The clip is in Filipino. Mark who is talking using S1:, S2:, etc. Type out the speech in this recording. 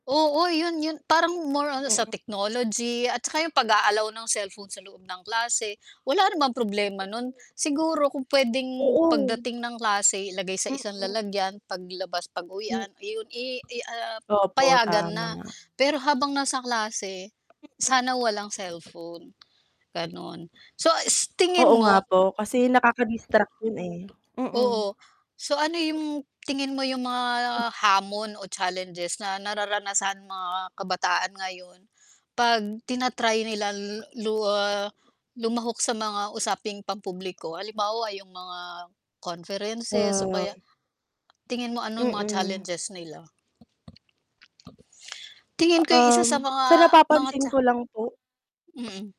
S1: Oo 'yun 'yun, parang more on sa
S2: Mhm.
S1: technology at saka 'yung pag-a-allow ng cellphone sa loob ng klase, wala namang problema nun. Siguro kung puwedeng
S2: Oo.
S1: pagdating ng klase ilagay sa isang
S2: Mhm.
S1: lalagyan, paglabas
S2: M
S1: pag-uwian, 'yun i i i ah,
S2: Opo,
S1: payagan
S2: tama
S1: na,
S2: nga.
S1: pero habang nasa klase
S2: Mhm.
S1: sana walang cellphone gano'n. So s
S2: Oo
S1: tingin
S2: nga
S1: mo?
S2: po, kasi naka-ka-distract 'yun eh. Mm.
S1: Oo. So ano 'yung, tingin mo 'yung mga hamon o challenges na nararanasan mga kabataan ngayon 'pag tina-try nila l lu ah, lumahok sa mga usaping pampubliko, halimbawa 'yung mga conferences o kaya
S2: Ay.
S1: tingin mo anong mga
S2: Mm.
S1: challenges nila? Tingin ko 'yung isa sa
S2: Um, sa
S1: mga mga
S2: napapansin
S1: cha
S2: ko lang po.
S1: mm.